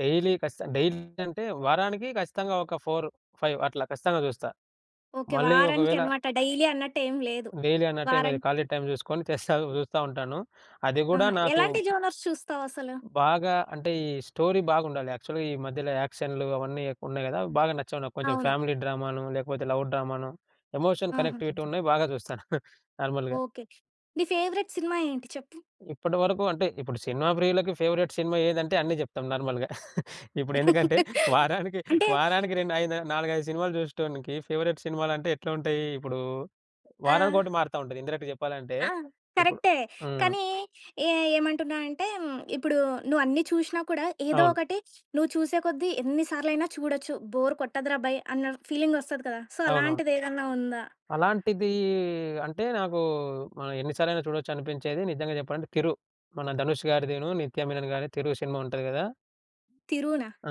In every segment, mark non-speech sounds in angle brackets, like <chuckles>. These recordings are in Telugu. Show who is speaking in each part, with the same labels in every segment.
Speaker 1: డైలీ ఖచ్చితం డైలీ అంటే వారానికి ఖచ్చితంగా ఒక ఫోరు, ఫైవు అట్లా ఖచ్చితంగా చూస్తా.
Speaker 2: ఓకే.
Speaker 1: మళ్ళీ
Speaker 2: వారానికి
Speaker 1: ఒకవేళ
Speaker 2: అనమాట. డైలీ అన్నట్టు ఏమి లేదు.
Speaker 1: డైలీ అన్నట్టు ఏం లేదు ఖాళీ
Speaker 2: వారానికి
Speaker 1: టైం చూసుకొని చేస్తా చూస్తూ ఉంటాను. అది గూడా
Speaker 2: ఆహా!
Speaker 1: నాకు
Speaker 2: ఎలాంటి జోనర్స్ చూస్తావు అసలు?
Speaker 1: బాగా అంటే ఈ స్టోరీ బాగుండాలి. యాక్చువల్‌గా ఈ మధ్యలో యాక్షన్లు అవన్నీ ఎక్కువున్నాయి గదా. బాగా నచ్చవు నాకు. కొంచెం
Speaker 2: అవును.
Speaker 1: ఫ్యామిలీ డ్రామానో, లేకపోతే లవ్ డ్రామానో, ఎమోషన్
Speaker 2: ఆహా!
Speaker 1: కనెక్టివిటీ
Speaker 2: <unintelligible>
Speaker 1: ఉన్నయి బాగా చూస్తాను <chuckles> నార్మల్‌గా.
Speaker 2: ఓకే. నీ ఫేవరెట్ సినిమా ఏంటి చెప్పు?
Speaker 1: ఇప్పటివరకు అంటే ఇప్పుడు సినిమా ప్రియులకి ఫేవరైట్ సినిమా ఏదంటే అన్ని చెప్తాం నార్మల్‌గా. <chuckles> ఇప్పుడు ఎందుకంటే
Speaker 2: <laughs>
Speaker 1: వారానికి
Speaker 2: అంటే
Speaker 1: వారానికి 2, 5, 4, 5 సినిమాలు చూసేటోనికి ఫేవరెట్ సినిమాలంటే ఎట్లా ఉంటయి? ఇప్పుడు
Speaker 2: ఆ!
Speaker 1: వారానికొకటి మారుతా ఉంటది. ఇండైరెక్ట్‌గా చెప్పాలంటే
Speaker 2: ఆ!
Speaker 1: ఇప్పుడు
Speaker 2: కరెక్టే
Speaker 1: హ్మ్.
Speaker 2: కానీ ఏ ఏమంటున్నా అంటే హ్మ్, ఇప్పుడు నువ్వన్నీ చూషినా కూడా ఏదో
Speaker 1: అవును.
Speaker 2: ఒకటి నువ్వు చూసే కొద్దీ ఎన్ని సార్లయినా చూడొచ్చు. బోర్ కొట్టదురా బై అన్న ఫీలింగ్ ఒస్తది కదా! సో,
Speaker 1: అవునవును.
Speaker 2: అలాంటిదేదన్నా ఉందా?
Speaker 1: అలాంటిది అంటే నాకు ఆహ్, ఎన్ని సార్లలైనా చూడొచ్చు అనిపించేది నిజంగా చెప్పాలంటే 'తిరు'. మన 'ధనుష్' గారిదిను 'నిత్య మీనన్' గారి తిరు షినిమా ఉంటది గదా!
Speaker 2: 'తిరునా'?
Speaker 1: ఆ!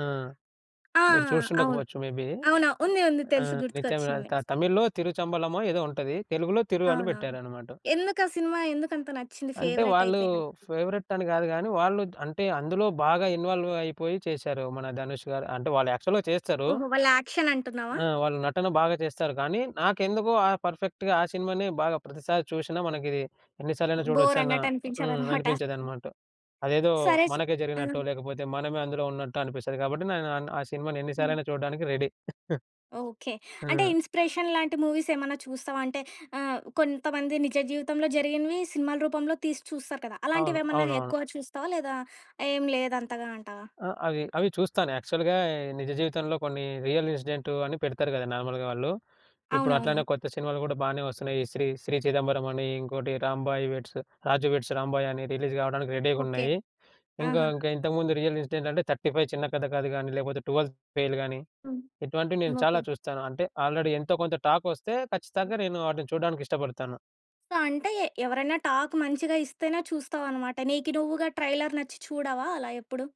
Speaker 2: ఆ!
Speaker 1: మీరు చూసి
Speaker 2: అవును.
Speaker 1: ఉండకపోవచ్చు మేబీ.
Speaker 2: అవును. ఉంది ఉంది
Speaker 1: ఆ!
Speaker 2: తెలుసు
Speaker 1: 'నిత్య మీనన్'
Speaker 2: గుర్తుకొచ్చింది.
Speaker 1: త తమిళ్లో 'తిరుచంబలమో' ఏదో ఉంటది. తెలుగులో 'తిరు' అని
Speaker 2: అవునవును.
Speaker 1: పెట్టారనమాట.
Speaker 2: ఎందుకు ఆ సినిమా ఎందుకంత నచ్చింది?
Speaker 1: అంటే
Speaker 2: ఫేవరెట్
Speaker 1: వాళ్ళు
Speaker 2: అయిపేయేలా?
Speaker 1: ఫేవరెట్ అని గాదు గాని, వాళ్ళు అంటే అందులో బాగా ఇన్వాల్వ్ అయిపోయి చేశారు. మన 'ధనుష్' గారు అంటే వాళ్ళు యాక్చువల్‌గా చేస్తారు.
Speaker 2: ఓహో! వాళ్ళ యాక్షన్ అంటున్నావా?
Speaker 1: ఆ! వాళ్ళు నటన బాగా చేస్తారు గానీ నాకెందుకో ఆహ్, పర్ఫెక్ట్‌గా ఆ సినిమానే బాగా ప్రతిసారి చూషినా మనకిది ఎన్ని సార్లలైనా చూడొచ్చు అన్న
Speaker 2: బోరన్నట్టు
Speaker 1: హ్మ్.
Speaker 2: అనిపించదనమాట. <chuckles>
Speaker 1: అనిపించేదనమాట. అదేదో
Speaker 2: సరే. చ్
Speaker 1: మనకే
Speaker 2: ఆ!
Speaker 1: జరిగినట్టు లేకపోతే మనమే అందులో ఉన్నట్టో అనిపిస్తది కాబట్టి, నేను అన్ ఆ సినిమాని
Speaker 2: హ్మ్.
Speaker 1: ఎన్నిసార్లలైనా చూడ్డానికి రెడీ. <chuckles>
Speaker 2: ఓకే. అంటే
Speaker 1: ఆ!
Speaker 2: ఇన్స్‌పిరేషన్ లాంటి మూవీసేమన్నా చూస్తావా? అంటే ఆహ్, కొంతమంది నిజ జీవితంలో జరిగినవి సినిమాల రూపంలో తీసి చూస్తారు కదా.
Speaker 1: అవును.
Speaker 2: అలాంటివేమన్నా
Speaker 1: అవునవును.
Speaker 2: ఎక్కువ చూస్తావా? లేదా ఏమి లేదు అంతగా అంటావా?
Speaker 1: ఆ! అవి, అవి చూస్తాను యాక్చువల్‌గా నిజ జీవితంలో కొన్ని రియల్ ఇన్సిడెంటు అని పెడతారు గదా నార్మల్‌గా వాళ్ళు. ఇప్పుడు అట్లనే
Speaker 2: అవునవును.
Speaker 1: కొత్త సినిమాలు కూడా బానే వొస్తున్నాయి. ఈ శ్రీ 'శ్రీ చిదంబరం' అని, ఇంకోటి రాంబాయ్ వెడ్స్ 'రాజు వెడ్స్ రాంబాయ్' అని రిలీజ్ కావడానికి
Speaker 2: ఓకే.
Speaker 1: రెడీగున్నాయి. ఇంకా
Speaker 2: ఆహా!
Speaker 1: ఇంకా ఇంతకుముందు రియల్ ఇన్సిడెంట్ అంటే '35 చిన్న కథ కాదు' కానీ, లేకపోతే '12 ఫెయిల్' గానీ,
Speaker 2: హ్మ్.
Speaker 1: ఇటువంటివి నేను చాలా
Speaker 2: ఓకే.
Speaker 1: చూస్తాను. అంటే ఆల్రెడీ ఎంతో కొంత టాక్ ఒస్తే ఖచ్చితంగా నేను ఆటిని చూడ్డానికి ఇష్టపడతాను.
Speaker 2: సో, అంటే ఎవరైనా టాక్ మంచిగా ఇస్తేనే చూస్తావనమాట. నీకి నువ్వుగా ట్రైలర్ నచ్చి చూడవా అలా ఎప్పుడు?